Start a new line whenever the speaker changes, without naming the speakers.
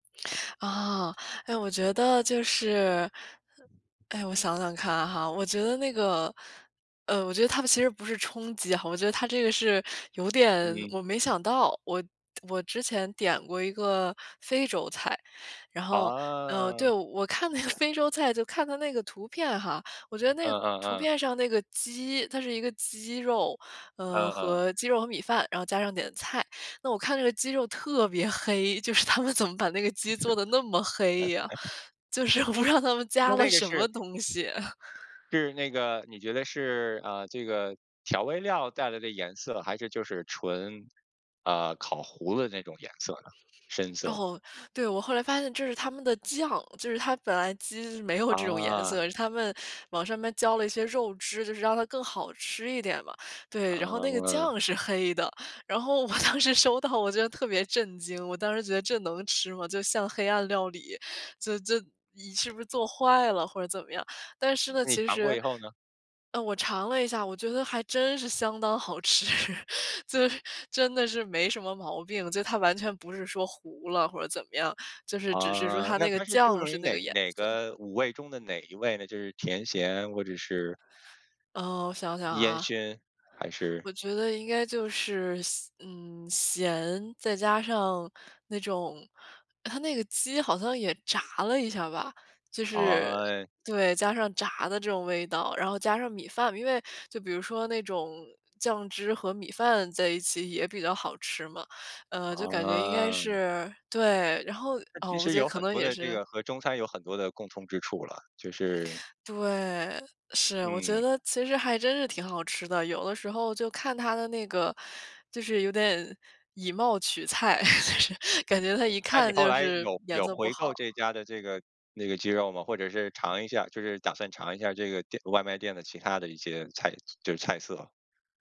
啊，哎，我觉得就是，哎，我想想看哈。我觉得那个，呃，我觉得它的其实不是冲击，我觉得它这个是有点，
嗯。
我没想到。我我之前点过一个非洲菜。然后，呃，对，
啊。
我看那个非洲菜，就看它那个图片哈，我觉得那个
嗯嗯
图
嗯。
片上那个鸡，它是一个鸡肉，嗯，
嗯嗯。
和鸡肉和米饭，然后加上点菜。那我看这个鸡肉特别黑，就是他们怎么把那个鸡做得那么黑呀，就是我不知道他们加了
那个
什
是
么东西。
是那个你觉得是，啊，这个调味料带来的颜色，还是就是纯，啊，烤糊了的那种颜色呢？深色。
哦，对，我后来发现这是他们的酱，就是它本来鸡没有这种颜
啊。
色，是他们往上面浇了一些肉汁，就是让它更好吃一点嘛。对，然后那个
啊。
酱是黑的，然后我当时收到，我觉得特别震惊，我当时觉得这能吃吗？就像黑暗料理，这这你是不是做坏了或者怎么样？但是呢，
那你
其
尝过
实
以后呢？
嗯，我尝了一下，我觉得还真是相当好吃。就是真的是没什么毛病，就它完全不是说糊了或者怎么样，就是只是说
哦，
它
那
那个
它是注
酱
重于
是那
哪
个颜
哪
色。
个五味中的哪一味呢，就是甜咸或者是？
呃，我想想
烟
啊。
熏，还是？
我觉得应该就是咸嗯，咸，再加上那种它那个鸡好像也炸了一下吧。就是
哦。
对，加上炸的这种味道，然后加上米饭。因为就比如说那种酱汁和米饭在一起也比较好吃嘛。呃，就感觉应该
啊。
是对，然后，
那
呃，
其
我
实
觉得
有
可
很
能
多
也
的这
是
个和中餐有很多的共通之处了，就是
对，是，我觉
嗯。
得其实还真是挺好吃的，有的时候就看它的那个，就是有点以貌取菜。就是感觉它一
那你
看
后
就
来
是
有
颜
有
色不
回购这
好。
家的这个那个鸡肉吗？或者是尝一下就是打算尝一下这个店外卖店的其它的一些菜就是菜色？